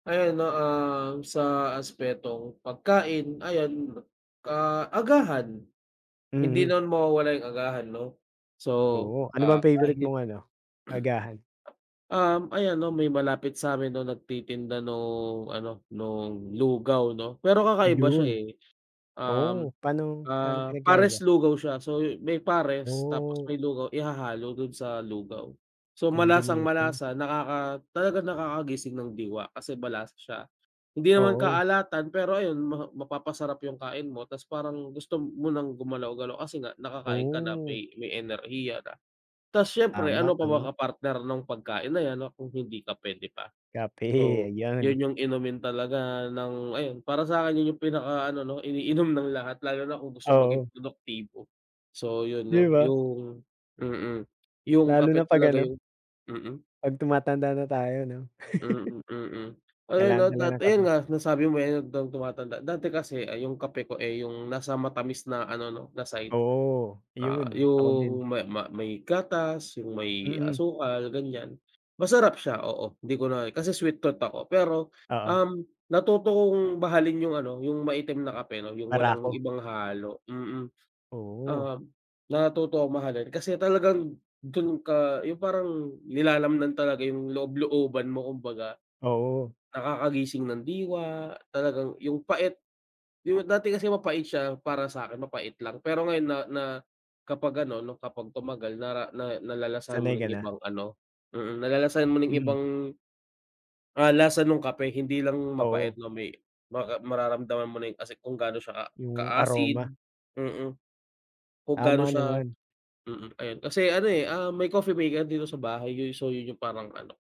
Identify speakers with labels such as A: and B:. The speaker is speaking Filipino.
A: Ayan no, um, sa aspetong pagkain ayan, ah, agahan hindi
B: Mhm.
A: naman mawawala yung agahan 'no so,
B: Oo ano
A: ah,
B: bang favourite
A: kahit.
B: mong ano, agahan?
A: Um, ayan 'no may malapit sa 'min nung nagtitinda nung ano nung lugaw 'no. Pero kakaiba
B: Iyon,
A: siya, eh.
B: oh
A: Um,
B: pano panong
A: ah,
B: pinagkaiba?
A: pares lugaw siya so may pares tapos
B: Oh.
A: may lugaw ihahalo dun sa lugaw. So malasang
B: Combination.
A: malasa nakaka talagang nakakagising ng diwa kasi malasa siya, hindi naman
B: Oo.
A: kaalatan pero ayun ma mapapasarap yung kain mo tas parang gusto mo ng gumalaw-galaw kasi nga nakakain ka na
B: Oh!
A: may may enerhiya na. Tas siyempre
B: Tama,
A: ano pa ba
B: tama.
A: ka partner nung pagkain na yan kung hindi kape 'di ba?
B: Kape
A: So yun
B: ayan.
A: yung inumin talaga ng ayun para sa 'kin yun yung pinaka ano 'no iniinom ng lahat lalo na kung gusto maging
B: Oo.
A: produktibo. So yun
B: 'Di
A: 'no
B: ba.
A: yung, mm, yung
B: Lalo na
A: kape
B: pag
A: talaga
B: ano.
A: yung mm.
B: Pag tumatanda na tayo 'no?
A: Mm, mm, ayan
B: Kailangan
A: no at
B: talaga
A: that,
B: ng
A: ayun
B: kape.
A: nga nasabi mo, eh, habang tumatanda dati kasi ay yung kape ko, eh, yung nasa matamis na ano 'no, na side.
B: Oo
A: Ah,
B: yun ako din.
A: yung ma ma may gatas, yung may
B: Mm.
A: asukal ganyan. Masarap siya oo di ko na, kasi sweet tooth ako, pero,
B: Oo.
A: um, natuto akong mahalin yung ano yung maitim na kape 'no yung walang
B: Barako.
A: ibang halo, mm.
B: Oo.
A: Um, natuto akong mahalin kasi talagang dun ka yung parang nilalamnan talaga yung loob looban mo kumbaga.
B: Oo.
A: Nakakagising ng diwa, talagang yung pait yung dati kasi mapait siya para sa 'kin mapait lang, pero ngayon na na kapag ano 'no kapag tumagal nara na nalalasahan mo
B: Sanay
A: na
B: ka
A: yung
B: na.
A: ibang ano, mm, nalalasahan mo na yung
B: Mm.
A: ibang, ah, lasa nung kape. Hindi lang mapait
B: Oo.
A: na may maka mararamdaman mo na yung kasi kung gano siya
B: Yung
A: ka-acid,
B: aroma.
A: mm, kung gaano
B: Tama
A: siya,
B: naman.
A: mm, ayun kasi ano, eh, ah, may coffee maker dito sa bahay yung so yun yung parang ano